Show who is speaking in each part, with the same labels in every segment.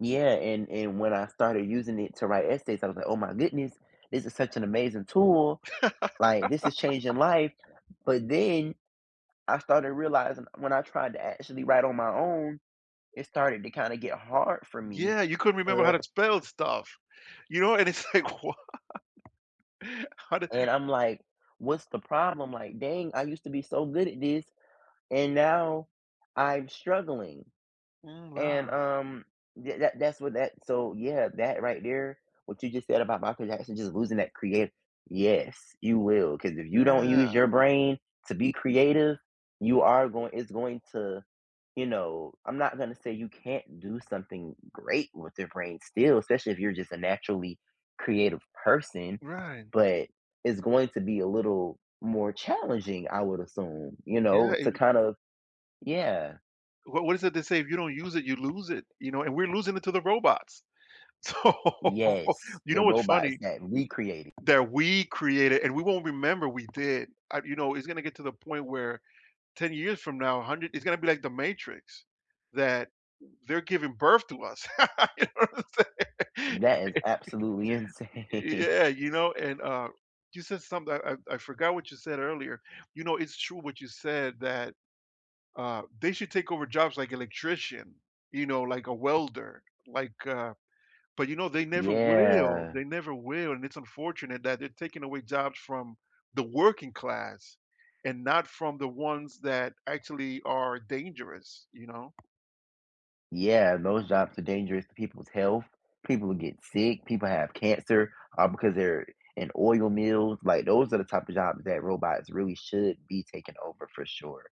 Speaker 1: Yeah, and and when I started using it to write essays, I was like, "Oh my goodness, this is such an amazing tool, like, this is changing life, but then, I started realizing when I tried to actually write on my own, it started to kinda get hard for me,
Speaker 2: Yeah, you couldn't remember how
Speaker 1: uh
Speaker 2: to spell stuff. You know, and it's like, wha How did
Speaker 1: And I'm like, "What's the problem? Like, dang, I used to be so good at this, and now I'm struggling."
Speaker 2: Mm,
Speaker 1: And,
Speaker 2: wow.
Speaker 1: um, th tha that's what that so, yeah, that right there, what you just said about Michael Jackson, just losing that creat yes, you will, 'cause if you don't use
Speaker 2: Yeah.
Speaker 1: your brain to be creative, you are goin it's going to, you know, I'm not gonna say you can't do something great with your brain still, especially if you're just a naturally creative person,
Speaker 2: Right.
Speaker 1: but it's going to be a little more challenging, I would assume, you
Speaker 2: Yeah,
Speaker 1: know, to
Speaker 2: and y
Speaker 1: kinda yeah.
Speaker 2: What was it they say, "If you don't use it, you lose it," you know, and we're losing it to the robots. So,
Speaker 1: Yes,
Speaker 2: you
Speaker 1: the
Speaker 2: know, what's
Speaker 1: robots
Speaker 2: funny?
Speaker 1: that we created.
Speaker 2: That we created and we won't remember we did, I you know, it's gonna get to the point where 10 years from now, 100 it's gonna be like the matrix, that they're giving birth to us. You know what I'm saying?
Speaker 1: That is absolutely
Speaker 2: Y y
Speaker 1: insane.
Speaker 2: yeah, you know, and, uh, you said something, I I forgot what you said earlier, you know, it's true what you said that, uh, they should take over jobs like electrician, you know, like a welder, like, uh but you know, they never will,
Speaker 1: Yeah.
Speaker 2: they never will and it's unfortunate that they're taking away jobs from the working class and not from the ones that actually are dangerous, you know?
Speaker 1: Yeah, those jobs are dangerous to people's health, people get sick, people have cancer, uh, because they're in oil mills, like, those are the type of jobs that robots really should be taking over for sure.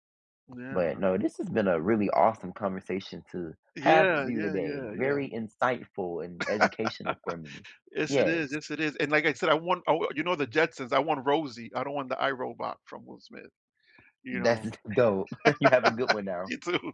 Speaker 2: Yeah.
Speaker 1: But, no, this has been a really awesome conversation to have with
Speaker 2: Yeah,
Speaker 1: you
Speaker 2: yeah,
Speaker 1: today,
Speaker 2: yeah, yeah.
Speaker 1: very insightful and educational for me.
Speaker 2: Yes, it is,
Speaker 1: Yes.
Speaker 2: yes, it is, and like I said, I want I wa you know, the Jetsons, I want Rosie, I don't want the I, Robot from Will Smith, you
Speaker 1: That's
Speaker 2: know?
Speaker 1: dope, you have a good one now.
Speaker 2: You too.